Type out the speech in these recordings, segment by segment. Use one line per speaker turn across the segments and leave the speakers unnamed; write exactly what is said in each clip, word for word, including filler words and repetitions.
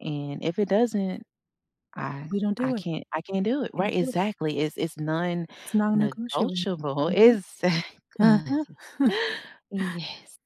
And if it doesn't, I
We don't
I
do it.
can't I can't do it,
You
right?
do it.
Exactly, it's it's
It's non-negotiable.
non-negotiable,
Mhm. Huh-huh.
exactly. Yes.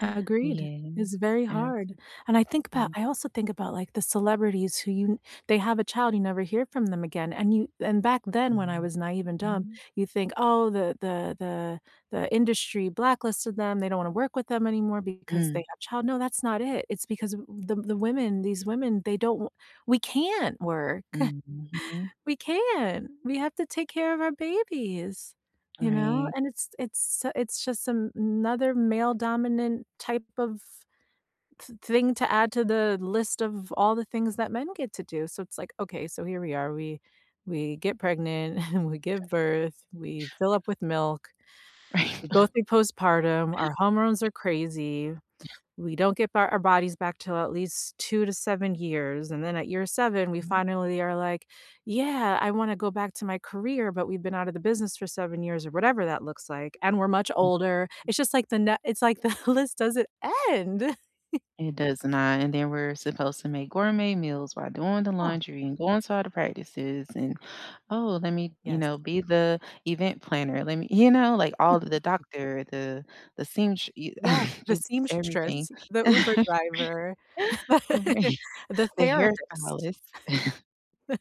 Agreed.
Yes
It's very
and,
hard,
too
and I think about
Mm.
I also think about, like, the celebrities who you they have a child, you never hear from them again, and you and back then, when I
Mhm.
was naive and dumb,
Mm.
you think, "Oh, the the the the industry blacklisted them, they don't wanna work with them anymore, because
Mm.
they have child" No, that's not it. It's because w the the the women, these women, they don't w we can't work.
Mm, mhm.
We can't! We have to take care of our babies, you know?
Right.
And it's it's it's just a another male dominant type of th thing to add to the list of all the things that men get to do, so it's like, "Okay, so here we are, we we get pregnant, we give birth, we fill up with milk,
Right,
we go through postpartum, our hormones are crazy.
Yeah.
We don't get ba our bodies back 'til at least two to seven years, and then at year seven, we
Mhm.
finally are like, 'Yeah, I wanna go back to my career,' but we've been out of the business for seven years or whatever that looks like, and we're much older." It's just like the na it's, like, the list doesn't end!
It does not, and then we're supposed to make gourmet meals, while doing the
Oh.
laundry, and going to all the practices, and, "Oh let me," you
Yes.
know, "be the event planner, let me" you know, like, all th the doctor, the the seamstr y
Yeah, the
just, everything.
seamstress, the Uber driver,
Right.
the
The
therapist.
hairstylist.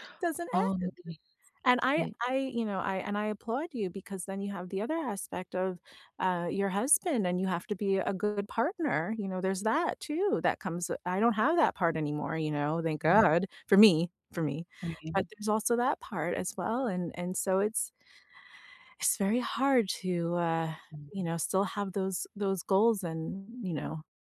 Doesn't
Oh, my
end,
goodness.
and I
E
I you know, I and I applaud you, because then you have the other aspect of, uh, your husband, and you have to be a good partner, you know, there's that, too, that comes w I don't have that partner anymore, you know, thank
Right.
God for me, for me,
Right.
but there's also that part as well, and and so it's it's very hard to, uh,
Mm.
you know, still have those those goals and, you know